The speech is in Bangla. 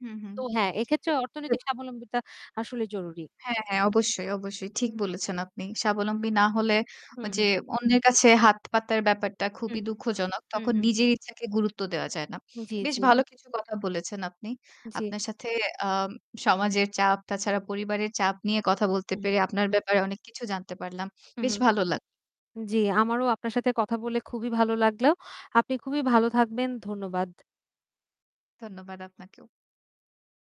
হুম, হুম। তো হ্যাঁ এক্ষেত্রে অর্থনৈতিক [unintelligible] স্বাবলম্বীতা আসলে জরুরি। হ্যাঁ, হ্যাঁ অবশ্যই, অবশ্যই। ঠিক বলেছেন আপনি। স্বাবলম্বী না হলে হুম, যে হুম। অন্যের কাছে হাত পাতার ব্যাপারটা হুম, খুবই হুম। দুঃখজনক হুম, তখন হুম, হুম। নিজের ইচ্ছাকে গুরুত্ব দেওয়া যায় না। জ্বী, বেশ জ্বী। ভালো কিছু কথা বলেছেন আপনি। জ্বী। আপনার সাথে আ সমাজের চাপ তাছাড়া পরিবারের চাপ নিয়ে কথা বলতে হুম। পেরে আপনার ব্যাপারে অনেক কিছু জানতে পারলাম। হুম, বেশ হুম। ভালো লাগলো। জ্বী, আমারও আপনার সাথে কথা বলে খুবই ভালো লাগলো। আপনি খুবই ভালো থাকবেন। ধন্যবাদ। ধন্যবাদ আপনাকেও।